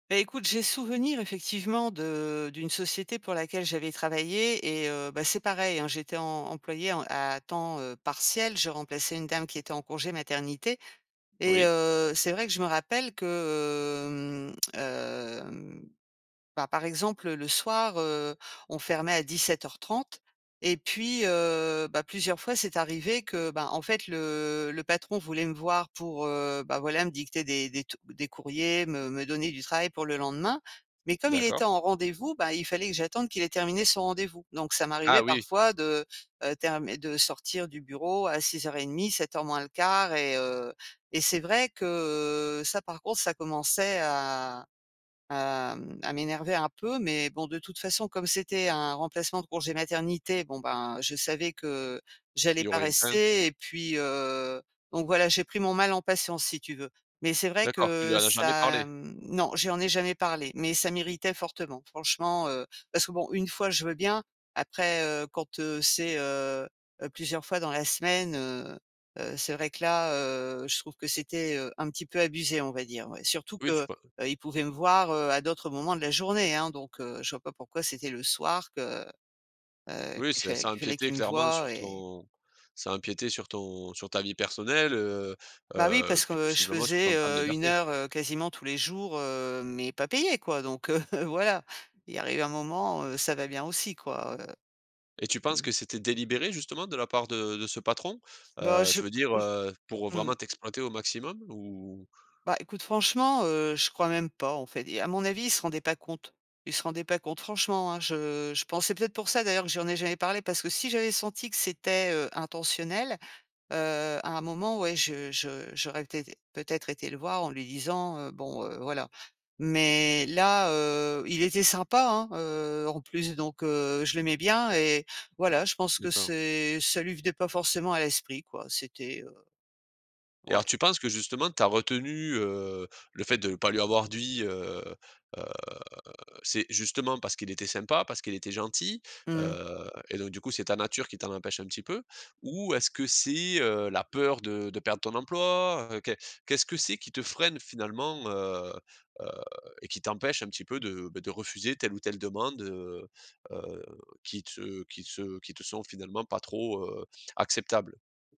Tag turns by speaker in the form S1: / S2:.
S1: Bah, écoute, j'ai souvenir effectivement de d'une société pour laquelle j'avais travaillé et heu, bah, c'est pareil, hein. J'étais em employée en à temps, heu, partiel, je remplaçais une dame qui était en congé maternité, et
S2: Oui.
S1: heu, c'est vrai que je me rappelle que, hem, hem, bah, par exemple, le soir, heu, on fermait à 17:30. Et puis, heu, bah, plusieurs fois, c'est arrivé que, ben, en fait, le le patron voulait me voir pour, heu, bah, voilà, me dicter des des t des courriers, me me donner du travail pour le lendemain. Mais comme il
S2: D'accord.
S1: était en rendez-vous, ben, il fallait que j'attende qu'il ait terminé son rendez-vous. Donc, ça
S2: Ah
S1: m'arrivait
S2: oui!
S1: parfois de, heu, term de sortir du bureau à 18:30-18:45 et heu, et c'est vrai que, heu, ça par contre, ça commençait à à, mmh, à m'énerver un peu. Mais, bon, de toute façon, comme c'était un remplacement de congé maternité, bon, ben, je savais que
S2: Il
S1: j'allais
S2: y
S1: pas
S2: aurait eu plein
S1: rester et puis, heu, donc voilà, j'ai pris mon mal en patience, si tu veux. Mais c'est vrai
S2: D'accord! Tu lui
S1: que
S2: en as jamais
S1: ça,
S2: parlé?
S1: mmh non, je lui en ai jamais parlé, mais ça m'irritait fortement, franchement, heu. Parce que bon, 1 fois je veux bien! Après, heu, quand, heu, c'est, heu, heu, plusieurs fois dans la semaine, heu, heu, c'est vrai que là, heu, je trouve que c'était, heu, un petit peu abusé, on va dire, ouais. Surtout
S2: Oui, tu
S1: que,
S2: peux
S1: heu, il pouvait me voir, heu, à d'autres moments de la journée, hein. Donc, heu, je vois pas pourquoi c'était le soir que, heu,
S2: Oui,
S1: qu'il
S2: c’est
S1: fa
S2: ça
S1: qu’il fallait
S2: empiétait
S1: qu'il me
S2: clairement
S1: voie
S2: sur
S1: et
S2: ton ça empiétait sur ton sur ta vie personnelle, heu,
S1: Bah, oui,
S2: heu,
S1: parce
S2: puis,
S1: que je
S2: possiblement sur ton
S1: faisais,
S2: temps de
S1: heu, 1
S2: liberté.
S1: heure, heu, quasiment tous les jours, heu, mais pas payée, quoi. Donc, heu, voilà! Il arrive un moment, heu, ça va bien aussi, quoi, heu.
S2: Et tu penses
S1: Mmh.
S2: que c'était délibéré, justement, de la part de de ce patron?
S1: Bah
S2: Heu,
S1: je
S2: je veux dire,
S1: ou j
S2: heu, pour
S1: mmh.
S2: vraiment t'exploiter au maximum ou?
S1: Bah, écoute, franchement, heu, je crois même pas, en fait. Et à mon avis, il se rendait pas compte. Il se rendait pas compte, franchement, hein. Je je pense, c’est peut-être pour ça d'ailleurs que je lui en ai jamais parlé, parce que si j'avais senti que c'était, heu, intentionnel, heu, à un moment, ouais, je je j'aurais peut-être peut-être été le voir en lui disant: «Heu, bon, heu, voilà!» Mais là, heu, il était sympa, hein, heu, en plus, donc, heu, je l'aimais bien et voilà, je pense que
S2: D’accord.
S1: c'est ça lui venait pas forcément à l'esprit, quoi, c’était, heu
S2: Et
S1: ouais.
S2: alors, tu penses que justement, tu as retenu, heu, le fait de ne pas lui avoir dit, heu, heu, c’est, justement, parce qu'il était sympa, parce qu'il était gentil,
S1: Mmh.
S2: heu, et donc du coup, c'est ta nature qui t'en empêche un petit peu? Ou est-ce que c'est, heu, la peur de de perdre ton emploi, heu? Qu'e qu'est-ce que c'est qui te freine finalement, heu, heu, et qui t'empêche un petit peu de, bah, de refuser telle ou telle demande, heu, heu, qui te qui te qui te sont finalement pas trop, heu, acceptables?